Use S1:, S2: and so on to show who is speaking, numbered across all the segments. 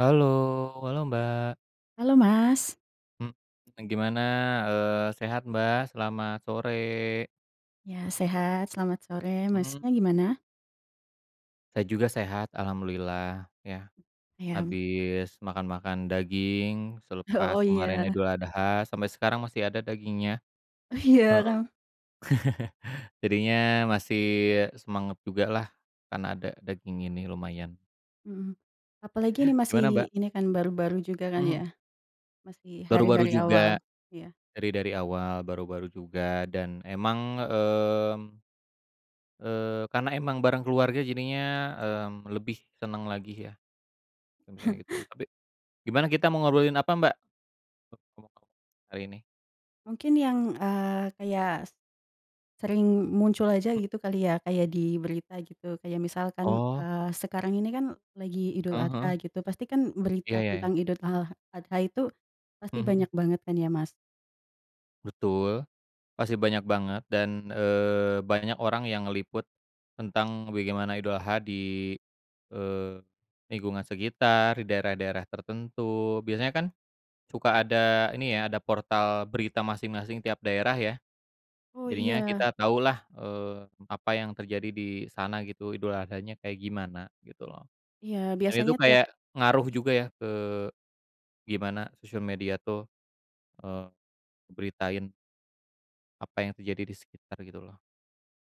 S1: Halo halo, Mbak.
S2: Halo, Mas.
S1: Hmm, e gimana? Eee, sehat, Mbak? Selamat sore.
S2: Iya, sehat, selamat sore.
S1: Mhm.
S2: Masnya gimana?
S1: Saya juga sehat alhamdulillah ya,
S2: Iya, mmm.
S1: habis makan-makan daging selepas
S2: Oh,
S1: kemarin
S2: ya.
S1: Idul Adha sampe sekarang masih ada dagingnya.
S2: Iya,
S1: Heeh,
S2: kan.
S1: jadinya masih semangat jugalah karena ada daging ini lumayan.
S2: Mhm, apalagi ini masih
S1: Gimana, Mbak?
S2: ini kan baru-baru juga kan ya?
S1: Mhm.
S2: Masih
S1: Baru-baru
S2: hari-hari awal,
S1: juga,
S2: iya.
S1: dari dari awal, baru-baru juga dan emang, mmm, eee, karena emang bareng keluarga jadinya, mmm, lebih seneng lagi ya, kalau misalnya gitu. Tapi gimana kita mau ngobrolin apa Mbak? [unintelligible] hari ini?
S2: Mungkin yang, eee, kayak se sering muncul aja
S1: Mmm.
S2: gitu kali ya kayak di berita gitu kayak misalkan,
S1: Oh.
S2: eee, sekarang ini kan lagi Idul
S1: Heeh
S2: Adha
S1: heeh.
S2: gitu pasti kan
S1: Iya,
S2: berita
S1: ya ya.
S2: tentang Idul ha Adha itu pasti
S1: Mmm, mhm.
S2: banyak banget kan ya, Mas?
S1: Betul, pasti banyak banget dan, eee, banyak orang yang ngeliput tentang bagaimana Idul Adha di eee, lingkungan sekitar, di daerah-daerah tertentu biasanya kan suka ada ini ya, ada portal berita masing-masing tiap daerah ya.
S2: Oh,
S1: Jadinya
S2: iya.
S1: kita taulah, eee, apa yang terjadi di sana gitu, Idul Adhanya kayak gimana gitu loh,
S2: Iya,
S1: dan itu
S2: biasanya tiap
S1: kayak ngaruh
S2: ya?
S1: juga ya ke gimana sosial media tuh, eee, ngeberitain apa yang terjadi di sekitar gitu loh.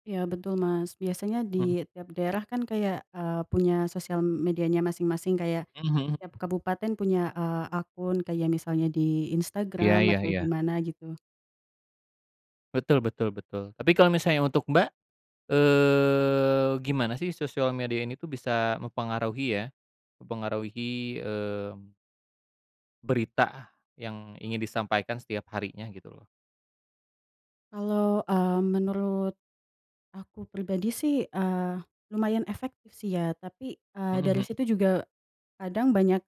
S2: Iya, betul, Mas, biasanya
S1: Mmm.
S2: di tiap daerah kan kayak, eee, punya sosial medianya masing-masing kayak
S1: Mmm, mhm.
S2: tiap kabupaten punya, eee, akun kayak misalnya di
S1: Iya
S2: Instagram
S1: iya
S2: atau di
S1: iya.
S2: mana gitu.
S1: Betul betul betul, tapi kalo misalnya untuk Mbak, eee, gimana sih sosial media ini tuh bisa mempengaruhi ya, mempengaruhi, mmm berita yang ingin disampaikan setiap harinya gitu loh?
S2: Kalau, eee, menurut aku pribadi sih, eee, lumayan efektif sih ya tapi, eee,
S1: Mhm
S2: dari
S1: mhm.
S2: situ juga kadang banyak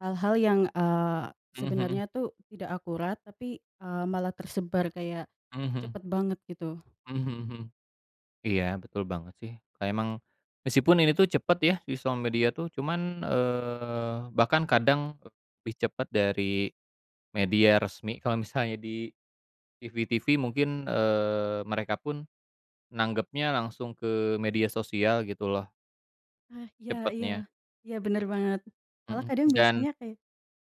S2: hal-hal yang, eee,
S1: Mhm mhm.
S2: sebenarnya tuh tidak akurat tapi, eee, malah tersebar kayak
S1: Mhm mhm.
S2: cepat banget gitu.
S1: Mhm mhm mhm, iya, betul banget sih, kayak emang meskipun ini tuh cepet ya di sosial media tuh cuman, eee, bahkan kadang, eee, lebih cepat dari media resmi, kalau misalnya di TV-TV mungkin, eee, mereka pun nanggapnya langsung ke media sosial gitu loh.
S2: Nah, iya iya
S1: Cepatnya.
S2: iya, bener banget. Malah
S1: Mhm,
S2: kadang
S1: dan
S2: biasanya kayak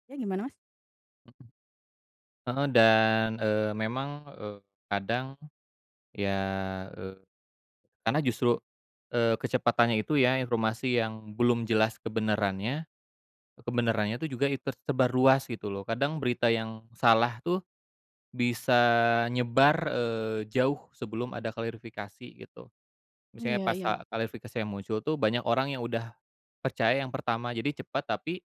S2: ya, gimana, Mas?
S1: Mhm, heeh, dan, eee, memang, eee, kadang ya, eee, karena justru, eee, kecepatannya itu ya informasi yang belum jelas kebenarannya kebenarannya tuh juga it tersebar ruas gitu loh. Kadang berita yang salah tuh bisa nyebar, eee, jauh sebelum ada klarifikasi gitu. Misalnya
S2: Iya
S1: pas
S2: iya.
S1: a klarifikasi yang muncul tuh banyak orang yang udah percaya yang pertama jadi cepat tapi,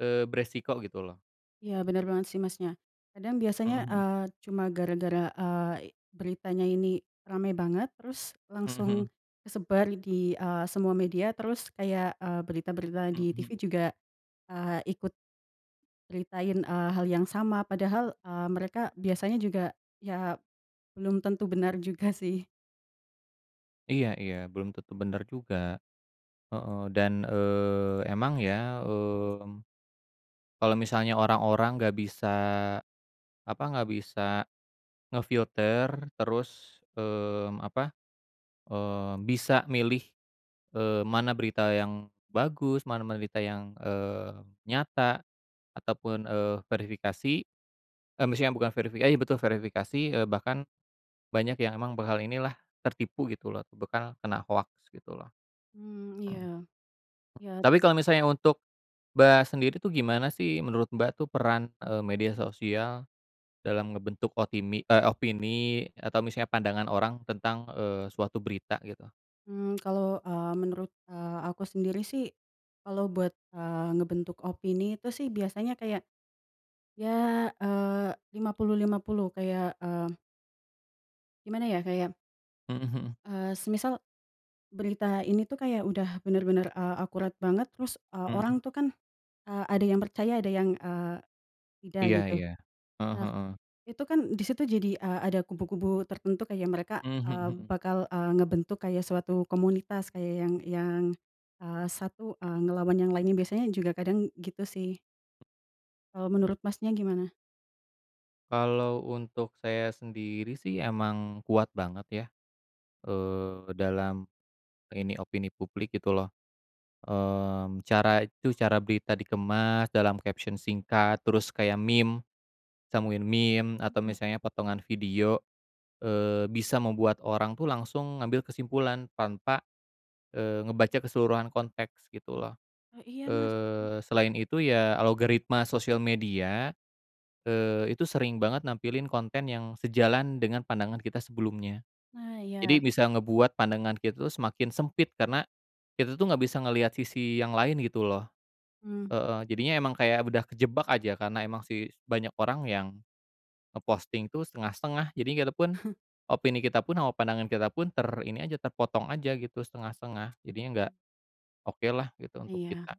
S1: eee, beresiko gitu loh.
S2: Iya, bener banget sih, Masnya, kadang biasanya,
S1: Mhm mhm.
S2: eee, cuma gara-gara, eee, beritanya ini rame banget terus
S1: Mhm
S2: langsung
S1: mhm.
S2: kesebar di eee, semua media terus kayak, eee, berita-berita di TV
S1: Mhm.
S2: juga, eee, ikut nyeritain, eee, hal yang sama padahal, eee, mereka biasanya juga ya belum tentu benar juga sih.
S1: Iya iya, belum tentu bener juga, heeh, dan, eee, emang ya, mmm, kalo misalnya orang-orang nggak bisa apa nggak bisa nge-filter terus, mmm, apa, eee, bisa milih, eee, mana berita yang bagus mana berita yang, eee, nyata ataupun, eee, verifikasi, e maksudnya bukan verifikasi eh, betul, verifikasi, eee, bahkan banyak yang emang bakal inilah tertipu gitu loh, bekal kena hoax gitu loh.
S2: Mmm, iya,
S1: Mhm.
S2: iya.
S1: Tapi kalau misalnya untuk, Mbak, sendiri tuh gimana sih menurut, Mbak, tuh peran, eee, media sosial dalam ngebentuk otimi eee, opini atau misalnya pandangan orang tentang, eee, suatu berita gitu?
S2: Mmm, kalau, eee, menurut, eee, aku sendiri sih kalau buat, eee, ngebentuk opini itu sih biasanya kayak, ya, eee, 50:50 kayak, eee gimana ya? Kayak
S1: Mhm mhm.
S2: eee, semisal berita ini tuh kayak udah bener-bener, eee, akurat banget terus, eee,
S1: Mhm.
S2: orang tuh kan, eee, ada yang percaya ada yang, eee, tidak
S1: Iya
S2: gitu.
S1: iya, heeh
S2: Nah,
S1: heeh.
S2: itu kan di situ jadi, eee, ada kubu-kubu tertentu kayak mereka,
S1: Mmm, mhm
S2: eee,
S1: mhm.
S2: bakal, eee, ngebentuk kayak suatu komunitas kayak yang yang, eee, satu, eee, ngelawan yang lainnya biasanya juga kadang gitu sih. Kalau menurut, Masnya, gimana?
S1: Kalau untuk saya sendiri sih emang kuat banget ya, eee, dalam ini opini publik gitu loh. Mmm, cara itu, cara berita dikemas dalam caption singkat terus kayak meme, sambungin meme atau
S2: Mhm.
S1: misalnya potongan video, eee, bisa membuat orang tuh langsung ngambil kesimpulan tanpa, eee, ngebaca keseluruhan konteks gitu loh.
S2: Oh, iya, Mas. Mmm.
S1: Eee, selain itu ya algoritma sosial media, eee, itu sering banget nampilin konten yang sejalan dengan pandangan kita sebelumnya,
S2: Nah, iya.
S1: jadi bisa ngebuat pandangan kita tuh semakin sempit karena kita tuh nggak bisa ngeliat sisi yang lain gitu loh.
S2: Mmm.
S1: Heeh. Jadinya emang kayak udah kejebak aja karena emang sih banyak orang yang nge-posting tuh setengah-setengah jadi kita pun opini kita pun, sama pandangan kita pun ter ini aja terpotong aja gitu setengah-setengah, jadinya nggak okelah gitu untuk
S2: Iya.
S1: kita.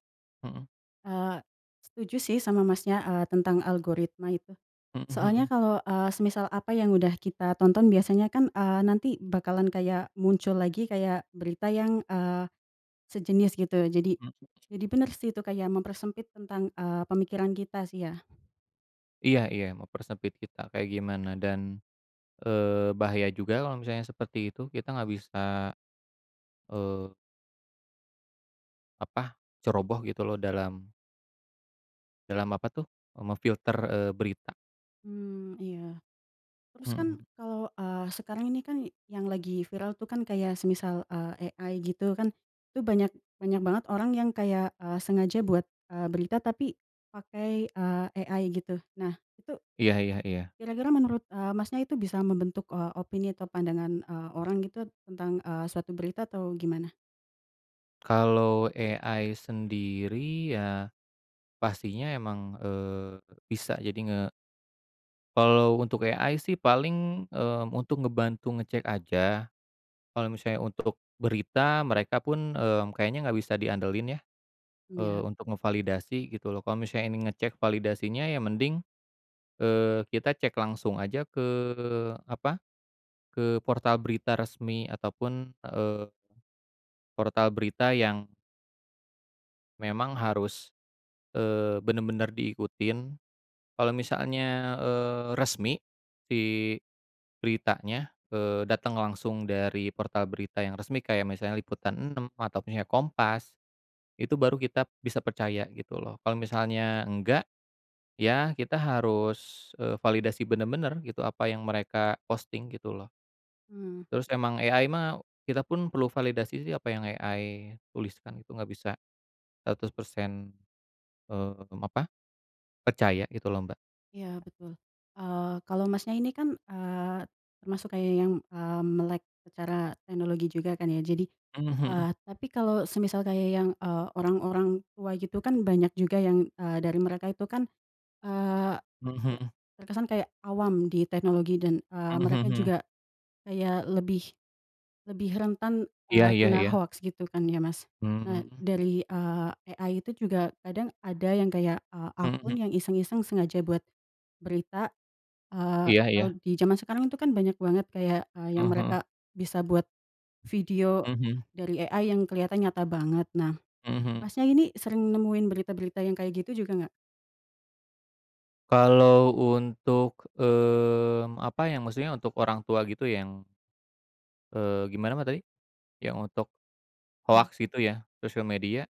S1: Mhm.
S2: Eee, setuju sih sama, Masnya, eee, tentang algoritma itu.
S1: Mhm
S2: Soalnya
S1: mhm.
S2: kalau, eee, semisal apa yang udah kita tonton biasanya kan, eee, nanti bakalan kayak muncul lagi kayak berita yang, eee, sejenis gitu jadi
S1: Mhm.
S2: jadi bener sih itu kayak mempersempit tentang, eee, pemikiran kita sih ya.
S1: Iya iya, mempersempit kita kayak gimana dan, eee, bahaya juga kalau misalnya seperti itu kita nggak bisa, eee apa, ceroboh gitu loh dalam dalam apa tuh? Eee, memfilter, eee, berita.
S2: Mmm, iya, terus kan
S1: Mhm.
S2: kalau, eee, sekarang ini kan yang lagi viral tuh kan kayak semisal, eee, AI gitu kan itu banyak banyak banget orang yang kayak, eee, sengaja buat, eee, berita tapi pakai, eee, AI gitu. Nah itu,
S1: Iya iya iya.
S2: kira-kira menurut, eee, Masnya, itu bisa membentuk o opini atau pandangan, eee, orang gitu tentang, eee, suatu berita atau gimana?
S1: Kalau AI sendiri ya pastinya emang, eee, bisa jadi nge Kalau untuk AI sih paling, mmm, untuk ngebantu ngecek aja, kalo misalnya untuk berita mereka pun, eee, kayaknya nggak bisa diandelin ya? Eee,
S2: Iya.
S1: untuk ngevalidasi gitu loh. Kalo misalnya ini ngecek validasinya ya mending, eee, kita cek langsung aja ke apa, ke portal berita resmi ataupun, eee, portal berita yang memang harus, eee, bener-bener diikutin. Kalau misalnya, eee, resmi si beritanya, eee, dateng langsung dari portal berita yang resmi kayak misalnya Liputan 6 atau punya Kompas, itu baru kita bisa percaya gitu loh. Kalau misalnya enggak, ya kita harus, eee, validasi bener-bener gitu apa yang mereka posting gitu loh.
S2: Hmm.
S1: Terus emang, AI mah kita pun perlu validasi sih apa yang AI tuliskan itu, nggak bisa 100% mmm, apa, percaya gitu loh, Mbak.
S2: Iya, betul. Eee, kalau, Masnya, ini kan, eee, termasuk kayak yang, eee, melek secara teknologi juga kan ya. Jadi,
S1: Mmm, mhm.
S2: eee, tapi kalau semisal kayak yang, eee, orang-orang tua gitu kan banyak juga yang, eee, dari mereka itu kan, eee,
S1: Mmm,
S2: ter
S1: mhm.
S2: terkesan kayak awam di teknologi dan, eee,
S1: Mmm,
S2: mereka
S1: mhm.
S2: juga kayak lebih lebih rentan,
S1: Iya
S2: eee,
S1: iya
S2: kena
S1: iya.
S2: hoax gitu kan ya, Mas? Nah
S1: Mmm.
S2: dari, eee, AI itu juga kadang ada yang kayak, eee, akun
S1: Mhm.
S2: yang iseng-iseng sengaja buat berita, eee,
S1: Iya
S2: kalau
S1: iya.
S2: di zaman sekarang itu kan banyak banget kayak, eee, yang
S1: Heeh heeh.
S2: mereka bisa buat video
S1: Mhm.
S2: dari AI yang keliatan nyata banget. Nah,
S1: Mhm.
S2: Masnya, ini sering nemuin berita-berita yang kayak gitu juga gak?
S1: Kalau untuk, mmm, apa yang maksudnya untuk orang tua gitu yang, eee, gimana, Mbak, tadi? Yang untuk
S2: Nah
S1: hoax itu ya sosial media?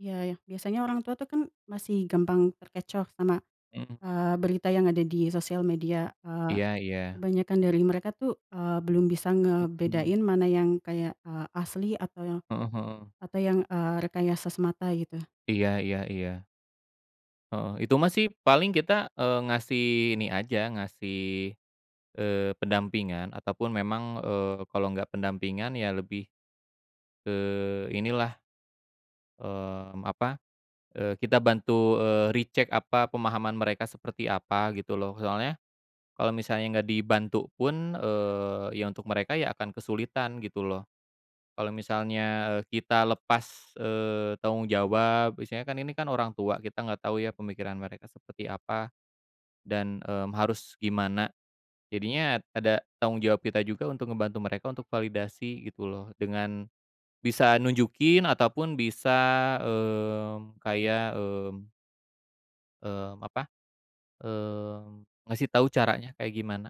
S2: Iya, ya, biasanya orang tua tuh kan masih gampang terkecoh sama,
S1: Mhm.
S2: eee, berita yang ada di sosial media, eee,
S1: Iya iya.
S2: kebanyakan dari mereka tuh, eee, belum bisa
S1: Mhm.
S2: ngebedain mana yang kayak, eee, asli atau yang
S1: Heeh heeh.
S2: atau yang, eee, rekayasa semata gitu.
S1: Iya iya iya. Heeh, itu mah sih paling kita, eee, ngasih ini aja ngasih, eee, pendampingan ataupun memang, eee, kalo nggak pendampingan ya lebih ke inilah, mmm, apa, eee, kita bantu, eee, re-check apa pemahaman mereka seperti apa? Gitu loh soalnya kalo misalnya nggak dibantu pun, eee, ya untuk mereka, ya akan kesulitan gitu loh. Kalo misalnya, eee, kita lepas, eee, tanggung jawab biasanya kan ini kan orang tua kita nggak tau ya pemikiran mereka seperti apa dan, mmm, harus gimana, jadinya ada tanggung jawab kita juga untuk ngebantu mereka untuk validasi gitu loh dengan bisa nunjukin ataupun bisa, mmm, kayak, mmm mmm, apa, mmm, ngasih tau caranya kayak gimana.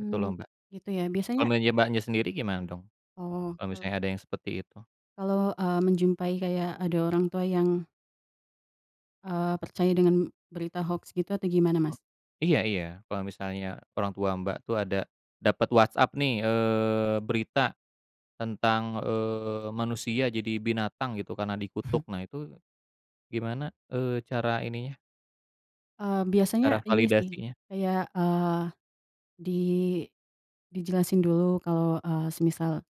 S1: Gitu loh, Mbak.
S2: gitu ya?
S1: Kalo
S2: Biasanya
S1: meja Mbaknya sendiri gimana dong?
S2: Oh,
S1: Kalo
S2: kalau
S1: misalnya ada yang seperti itu?
S2: kalau, eee, menjumpai kayak ada orang tua yang eee, percaya dengan berita hoax gitu atau gimana, Mas?
S1: Eee, iya iya, kalo misalnya orang tua Mbak tuh ada dapat WhatsApp nih, eee, berita tentang, eee, manusia jadi binatang gitu karena dikutuk nah itu gimana, eee, cara ininya
S2: Eee,
S1: cara
S2: biasanya ini sih
S1: validasinya?
S2: kayak, eee, di dijelasin dulu kalau, eee, semisal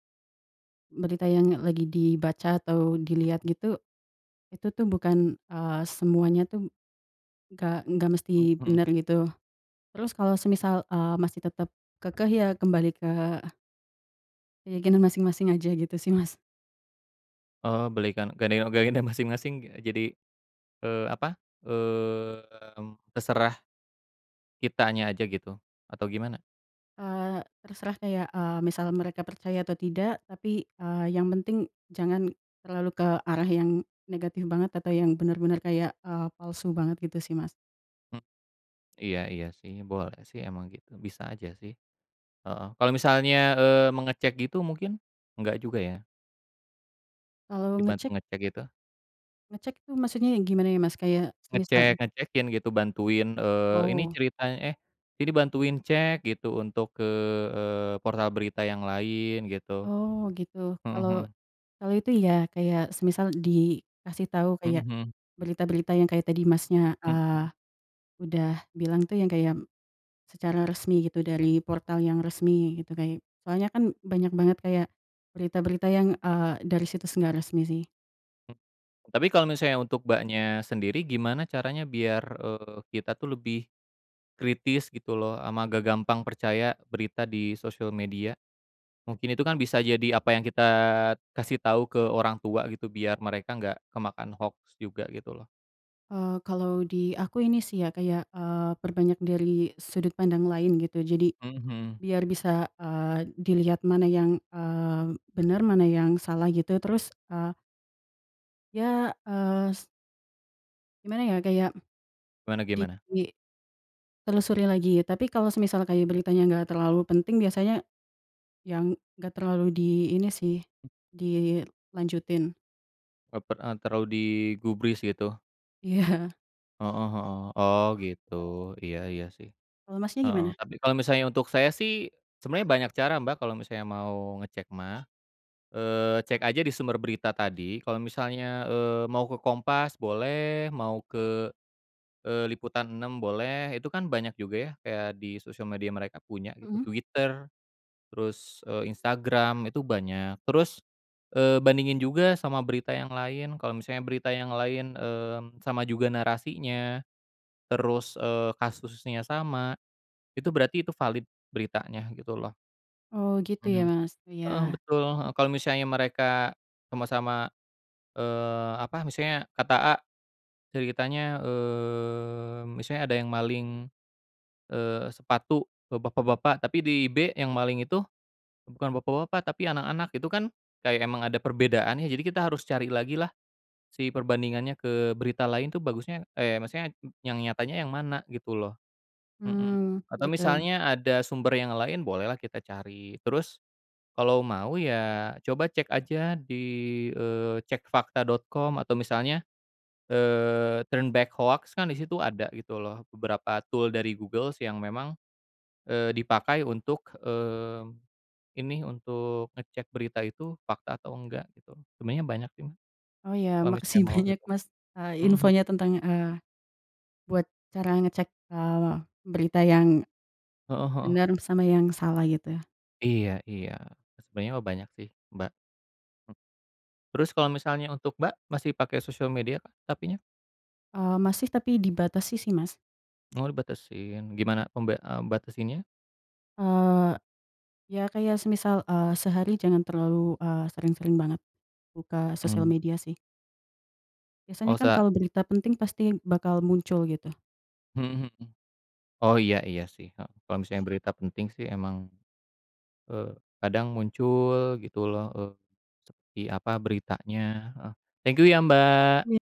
S2: berita yang lagi dibaca atau dilihat
S1: Mhm.
S2: gitu, itu tuh bukan, eee, semuanya tuh nggak nggak
S1: Mmm,
S2: mesti
S1: mhm.
S2: bener gitu. Terus kalau semisal, eee, masih tetap kekeh ya kembali ke keyakinan masing-masing aja, gitu sih, Mas.
S1: Oh, belikan nggak nengok gayanya masing-masing ya jadi, eee, apa, mmm, terserah kitanya aja gitu atau gimana?
S2: Eee, terserah kayak, eee, misal mereka percaya atau tidak tapi, eee, yang penting jangan terlalu ke arah yang negatif banget atau yang bener-bener kayak, eee, palsu banget gitu sih, Mas.
S1: M iya iya sih, boleh sih emang gitu bisa aja sih. Heeh, kalau misalnya, eee, mengecek gitu mungkin nggak juga ya?
S2: Kalau
S1: Dibantu
S2: ngecek
S1: ngecek gitu?
S2: ngecek tuh maksudnya ya gimana ya, Mas? Kayak semisal
S1: Ngecek ngecekin gitu bantuin, eee, ini
S2: Oh.
S1: ceritany eh, ini bantuin cek gitu untuk ke, eee, portal berita yang lain gitu,
S2: Oh, gitu,
S1: heeh heeh.
S2: kalau kalau itu iya, kayak semisal dikasih tau
S1: Mhm
S2: kayak
S1: mhm.
S2: berita-berita yang kayak tadi, Masnya,
S1: Mhm.
S2: eee, udah bilang tuh yang kayak secara resmi gitu dari portal yang resmi gitu kay soalnya kan banyak banget kayak berita-berita yang, eee, dari situs nggak resmi sih.
S1: Hmm tapi kalau misalnya untuk Mbaknya sendiri gimana caranya biar, eee, kita tuh lebih kritis gitu loh, sama gak gampang percaya berita di sosial media? Mungkin itu kan bisa jadi apa yang kita kasih tau ke orang tua gitu biar mereka nggak kemakan hoax juga gitu loh.
S2: Eee, kalau di aku ini sih ya kayak, eee, perbanyak dari sudut pandang lain gitu jadi
S1: Mhm mhm.
S2: biar bisa, eee, dilihat mana yang, eee, benar, mana yang salah gitu. Terus, eee Ya, es gimana ya kayak
S1: Gimana gimana?
S2: dituli telusuri lagi. Tapi kalau semisal kayak beritanya nggak terlalu penting biasanya, ya nggak terlalu di ini sih dilanjutin.
S1: Oh, per eee, terlalu digubris gitu?
S2: Iya.
S1: Heeh heeh. Oh, gitu, iya iya sih,
S2: Kalau Masnya
S1: heeh.
S2: gimana?
S1: Tapi kalau misalnya untuk saya sih sebenarnya banyak cara Mbak kalau misalnya mau ngecek mah, eee, cek aja di sumber berita tadi kalau misalnya, eee, mau ke Kompas boleh, mau ke, eee, Liputan 6 boleh, itu kan banyak juga ya kayak di sosial media mereka punya gitu.
S2: Mhm.
S1: Twitter terus, eee, Instagram itu banyak. Terus, eee, bandingin juga sama berita yang lain, kalo misalnya berita yang lain, mmm, sama juga narasinya, terus, eee, kasusnya sama itu berarti itu valid, beritanya gitu loh.
S2: Oh, gitu ya,
S1: Mhm,
S2: Mas?
S1: heeh,
S2: Iya.
S1: betul, heeh. Kalo misalnya mereka sama-sama, eee, apa, maksudnya kata A, ceritanya, mmm, misalnya ada yang maling, eee, sepatu, ba bapak-bapak, tapi di B yang maling itu bukan bapak-bapak tapi anak-anak, itu kan kayak emang ada perbedaan ya, jadi kita harus cari lagilah si perbandingannya ke berita lain tuh bagusnya eh, maksudnya yang nyatanya yang mana gitu loh? Mhm.
S2: Mmm,
S1: Atau
S2: gitu.
S1: misalnya ada sumber yang lain bolehlah kita cari, terus kalau mau ya coba cek aja di, eee, cekfakta.com atau misalnya, eee, Turn Back Hoax kan di situ ada gitu loh beberapa tool dari Google yang memang, eee, dipakai untuk, mmm, ini untuk ngecek berita itu fakta atau enggak, gitu. Sebenernya banyak sih,
S2: Oh, iya,
S1: kalo misalnya
S2: makasih
S1: mau
S2: banyak
S1: gitu.
S2: Mas, eee,
S1: Mhm, mmm.
S2: infonya tentang, eee, buat cara ngecek, eee, berita yang
S1: Heeh heeh.
S2: benar sama yang salah gitu.
S1: Iya iya, sebenernya mah banyak sih, Mbak. Terus kalau misalnya untuk, Mbak, masih pakai sosial mediakah, tapinya?
S2: Eee, masih tapi dibatasi sih, Mas.
S1: Oh, dibatasin, gimana pemba eee, batasinnya?
S2: Eee, ya kayak semisal, eee, sehari jangan terlalu, eee, sering-sering banget buka sosial
S1: Mmm.
S2: media sih. Biasanya
S1: Oh,
S2: kan
S1: sak
S2: kalau berita penting pasti bakal muncul gitu.
S1: Mhm mhm. Oh, iya iya sih, he kalo misalnya berita penting sih emang, eee, kadang muncul gitu loh, eee, di apa, beritanya heeh. Thank you ya, Mbak.
S2: Iya.